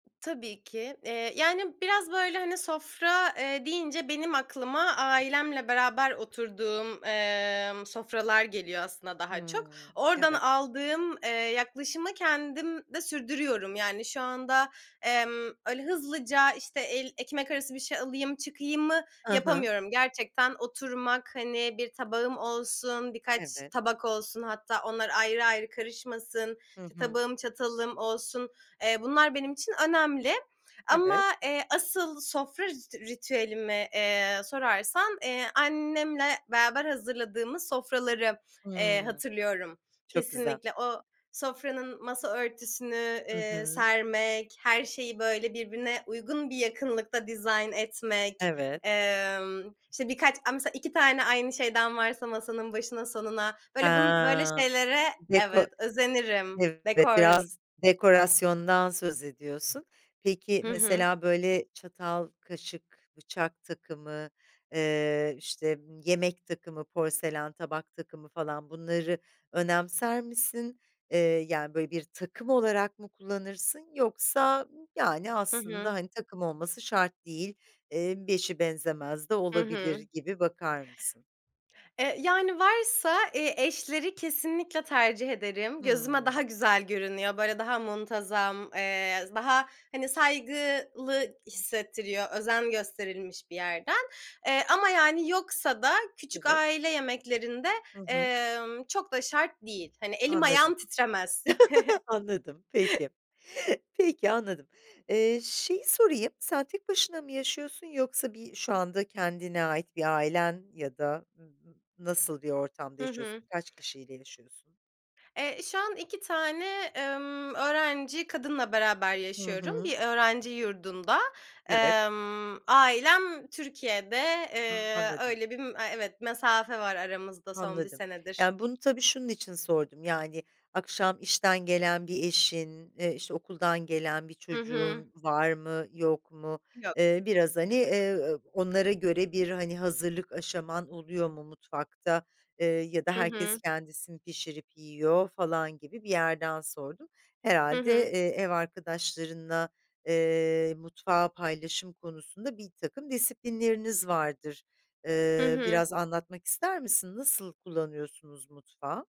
Tabii ki, eee, yani, biraz böyle, hani, sofra, eee, deyince benim aklıma ailemle beraber oturduğum, eee, sofralar geliyor aslında daha çok. Hıı, Oradan evet. aldığım, eee, yaklaşımı kendim de sürdürüyorum. Yani, şu anda, emm, öyle hızlıca, işte, el ekmek arası bir şey alayım, çıkayımı Hı hı. yapamıyorum. Gerçekten oturmak, hani, bir tabağım olsun, birkaç Evet. tabak olsun, hatta, onlar ayrı, ayrı karışmasın, Hı hı. tabağım, çatalım olsun, eee, bunlar benim için önemli. Ama, Evet. eee, asıl sofra rit ritüelimi, eee, sorarsan, eee, annemle beraber hazırladığımız sofraları eee, Hıı. hatırlıyorum. Çok güzel. Kesinlikle o sofranın masa örtüsünü, Hı eee, hı. sermek, her şeyi böyle, birbirine uygun bir yakınlıkta dizayn etmek, Evet. emm, işte, birkaç a mesela, 2 tane aynı şeyden varsa, masanın başına sonuna, He böyle bun böyle şeylere deko evet özenirim, evet, dekor biraz dekorasyondan söz ediyorsun, peki, Hı hı. mesela, böyle, çatal, kaşık, bıçak takımı, eee, işte, ımm, yemek takımı, porselen tabak takımı, falan, bunları önemser misin? Eee, yani, böyle, bir takım olarak mı kullanırsın, yoksa, yani, Hı aslında, hı. hani, takım olması şart değil, eee, eşi benzemez de Hı olabilir, hı. gibi bakar mısın? E, yani, varsa, eee, eşleri kesinlikle tercih ederim, gözüme Hımm. daha güzel görünüyor, böyle, daha muntazam, eee, daha, hani, saygılı hissettiriyor, özen gösterilmiş bir yerden. Eee, ama, yani, yoksa da, küçük Evet. aile yemeklerinde, Hı hı. emm, çok da şart değil. Hani, elim Anladım. ayağım titremez. Anladım, peki. Peki, anladım. Eee, şeyi sorayım, sen tek başına mı yaşıyorsun yoksa bir şu anda kendine ait bir ailen ya da nasıl bir ortamda Hı yaşıyorsun, hı. kaç kişiyle yaşıyorsun? Eee, şu an 2 tane, emm, öğrenci kadınla beraber Hı yaşıyorum hı. bir öğrenci yurdunda. Evet. Emm, ailem Türkiye'de, eee, Anladım. öyle bir m evet, mesafe var aramızda son 1 Anladım. senedir. Yani, bunu tabii, şunun için sordum, yani, akşam işten gelen bir eşin, eee, işte, okuldan gelen bir Hı hı. çocuğun var mı yok mu? Yok. Eee, biraz, hani, eee, [unintelligible] onlara göre bir, hani, hazırlık aşaman oluyor mu mutfakta, eee, ya da Hı herkes hı. kendisi mi pişirip yiyor falan gibi bir yerden sordum. Hı Herhâlde, hı. eee, ev arkadaşlarınla, eee, mutfağı paylaşım konusunda, birtakım disiplinleriniz vardır. Hı Eee, hı. biraz anlatmak ister misin? Nasıl kullanıyorsunuz mutfağı?